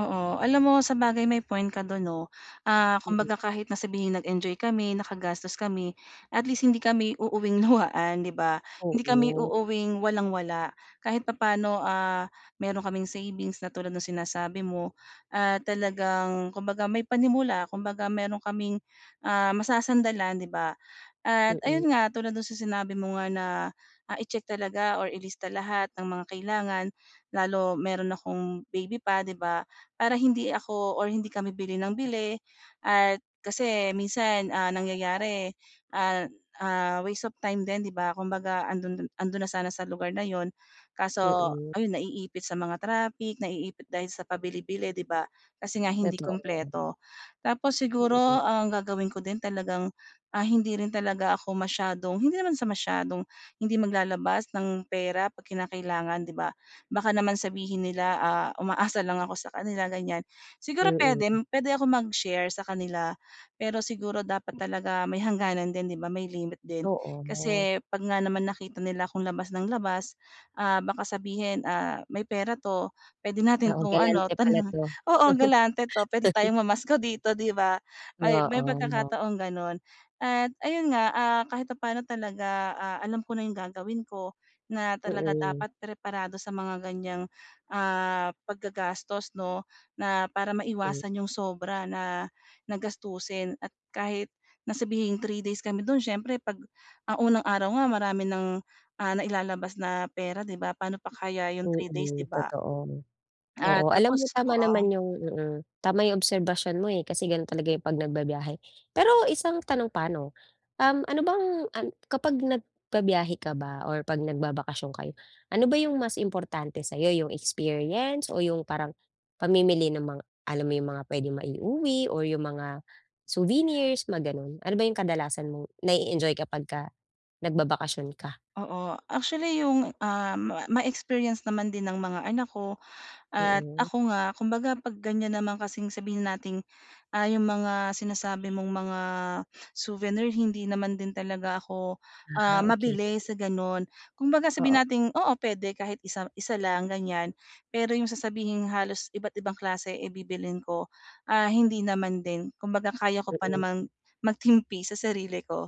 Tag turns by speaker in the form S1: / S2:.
S1: Oo, alam mo sabagay may point ka do'n, 'no? Ah,
S2: Mm.
S1: kumbaga, kahit na sabihin, nag-enjoy kami, nakagastos kami, at least hindi kami uuuwing luhaan, 'di ba? Hindi kami
S2: Oo.
S1: uuwing walang-wala. Kahit papano, ah, mayroon kaming savings na tulad no'ng sinasabi mo. Ah, talagang kumbaga may panimula, kumbaga mayroon kaming, ah, masasandalan, 'di ba? At
S2: Mm.
S1: ayun nga, tulad do'n sa sinabi mo nga na, ah, i-check talaga or ilista lahat ng mga kailangan. Lalo mayroon akong baby pa, 'di ba? Para hindi ako or hindi kami bili ng bili at kasi minsan, ah, nangyayari, an ah, waste of time din, 'di ba? Kumbaga 'ando'n do'n 'ando'n na sana sa lugar na 'yon. Kaso
S2: Mm.
S1: ayun naiipit sa mga traffic, naiipit dahil sa pabili-bili, 'di ba? Kasi nga hindi
S2: Totoo.
S1: kumpleto. Tapos siguro,
S2: Mm.
S1: ang gagawin ko din talagang, ah, hindi rin talaga ako masyadong hindi naman sa masyadong hindi maglalabas ng pera 'pag kinakailangan, 'di ba? Baka naman sabihin nila, ah, umaasa lang ako sa kanila, ganyan. Siguro puwede
S2: Mm.
S1: puwede ako mag-share sa kanila. Pero siguro dapat talaga may hangganan din, 'di ba? May limit din.
S2: Oo.
S1: Kasi 'pag nga naman nakita nila akong labas ng labas, ah, baka sabihin, "Ah, may pera 'to. Puwede natin
S2: Oo,
S1: 'tong ano,
S2: galante
S1: tan
S2: pala 'to.
S1: oo, galante 'to. Puwede tayong mamasko dito." 'Di ba? May may
S2: Oo. Ma
S1: pagkakataong gano'n. At ayun nga, ah, kahit papano talaga, ah, alam ko na 'yong gagawin ko, na talaga
S2: Mm.
S1: dapat preparado sa mga ganyang, ah, paggagastos 'no? Na para
S2: Hmm.
S1: maiwasan 'yong sobra na na gastusin at kahit na sabihing 3 days kami do'n, siyempre 'pag ang unang araw nga marami ng, ah, nailalabas na pera, 'di ba? Paano pa kaya 'yong 3 days, 'di
S2: Mm,
S1: ba?
S2: totoo.
S1: Ah,
S2: Oo, alam mo
S1: tapos,
S2: tama
S1: oo
S2: naman 'yong mm. Tama 'yong obserbasyon mo, eh. Kasi gano'n talaga 'yong 'pag nagbibiyahe. Pero isang tanong pa 'no? Um, ano bang an kapag nagbibiyahe ka ba or 'pag nagbabakasyon kayo, ano ba 'yong mas importante sa'yo, 'yong experience o 'yong parang pamimili ng mga alam mo 'yong mga pwedeng ma-iuwi or 'yong mga souvenirs, mga gano'n? Ano ba 'yong kadalasan mong na-e-enjoy kapag ka nagbabakasyon ka?
S1: Oo. Actually 'yong, ah, ma ma-experience naman din ng mga anak ko at
S2: Mm.
S1: ako nga. Kumbaga 'pag ganyan naman kasing sabihin na nating, ah, 'yong mga sinasabi mong mga souvenir, hindi naman din talaga ako,
S2: Ah,
S1: ah,
S2: okey.
S1: mabili sa gano'n. Kumbaga sabihin
S2: Oo.
S1: nating oo, puwede kahit isa isa lang, ganyan. Pero 'yong sasabihing halos iba't-ibang klase, eh, bibilhin ko, ah, hindi naman din. Kumbaga kaya ko pa
S2: Mm.
S1: namang magtimpi sa sarili ko.